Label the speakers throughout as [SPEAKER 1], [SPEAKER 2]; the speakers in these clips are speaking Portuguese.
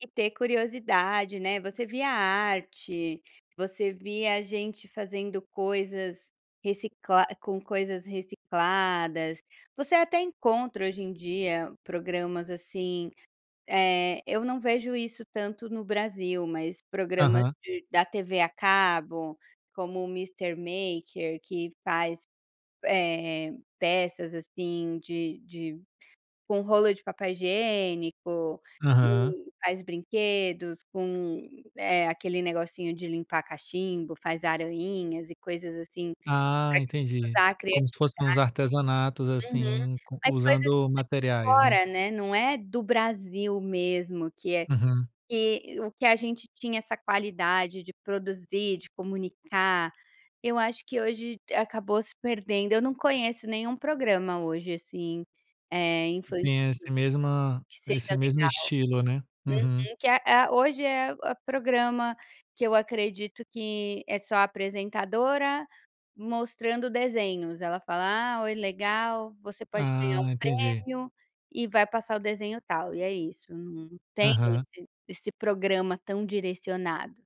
[SPEAKER 1] E ter curiosidade, né, você via arte, você via gente fazendo coisas, reciclar com coisas recicladas, você até encontra hoje em dia programas assim, eh, eu não vejo isso tanto no Brasil, mas programas
[SPEAKER 2] Aham.
[SPEAKER 1] de da TV a cabo, como o Mr. Maker que faz, eh eh, peças assim de de com rolo de papel higiênico,
[SPEAKER 2] Aham.
[SPEAKER 1] e faz brinquedos, com, eh, aquele negocinho de limpar cachimbo, faz arainhas e coisas assim, para
[SPEAKER 2] Ah, entendi,
[SPEAKER 1] [unintelligible]
[SPEAKER 2] como
[SPEAKER 1] criatividade.
[SPEAKER 2] se fosse em uns artesanatos,
[SPEAKER 1] Uhum,
[SPEAKER 2] assim,
[SPEAKER 1] as coisas
[SPEAKER 2] usando
[SPEAKER 1] [unintelligible]
[SPEAKER 2] materiais, né?
[SPEAKER 1] fora, né, não é do Brasil mesmo que é
[SPEAKER 2] Uhum.
[SPEAKER 1] que o que a gente tinha essa qualidade de produzir, de comunicar, eu acho que hoje acabou se perdendo, eu não conheço nenhum programa hoje assim, eh, infantil,
[SPEAKER 2] Tenha esse mesma
[SPEAKER 1] que
[SPEAKER 2] esse
[SPEAKER 1] seja
[SPEAKER 2] mesmo
[SPEAKER 1] legal.
[SPEAKER 2] estilo, né? Uhum.
[SPEAKER 1] Uhum, que a a hoje é o programa que eu acredito que é só apresentadora mostrando desenhos, ela fala: "Ah, oi, legal, você pode ganhar um
[SPEAKER 2] Ah, entendi.
[SPEAKER 1] prêmio e vai passar o desenho tal", e é isso, não tem
[SPEAKER 2] Aham.
[SPEAKER 1] esse esse programa tão direcionado.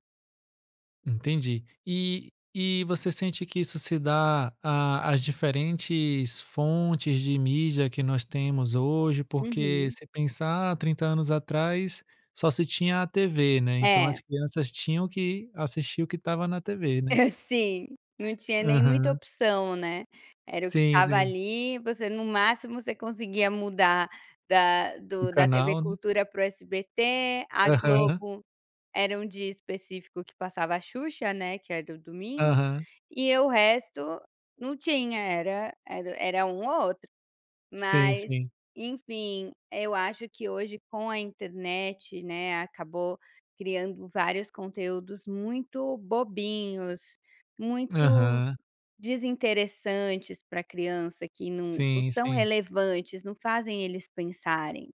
[SPEAKER 2] Entendi. E e você sente que isso se dá à às diferentes fontes de mídia que nós temos hoje, porque,
[SPEAKER 1] Uhum.
[SPEAKER 2] se pensar há 30 anos atrás, só se tinha a TV, né, então as
[SPEAKER 1] É.
[SPEAKER 2] crianças tinham que assistir o que estava na TV, né?
[SPEAKER 1] Sim, não tinha nem muita
[SPEAKER 2] Aham.
[SPEAKER 1] opção, né, era o que
[SPEAKER 2] Sim
[SPEAKER 1] tava
[SPEAKER 2] sim.
[SPEAKER 1] ali, você no máximo você conseguia mudar da
[SPEAKER 2] Um
[SPEAKER 1] do da TV
[SPEAKER 2] canal, né?
[SPEAKER 1] cultura para o SBT, a
[SPEAKER 2] Aham.
[SPEAKER 1] Globo era um dia específico que passava a Xuxa, né, que era o domingo,
[SPEAKER 2] Aham.
[SPEAKER 1] e o resto não tinha era era era um ou outro.
[SPEAKER 2] Sim,
[SPEAKER 1] Mas
[SPEAKER 2] sim.
[SPEAKER 1] enfim, eu acho que hoje com a internet, né, acabou criando vários conteúdos muito bobinhos, muito
[SPEAKER 2] Aham.
[SPEAKER 1] desinteressantes pra criança, que não não
[SPEAKER 2] Sim,
[SPEAKER 1] são
[SPEAKER 2] sim.
[SPEAKER 1] relevantes, não fazem eles pensarem.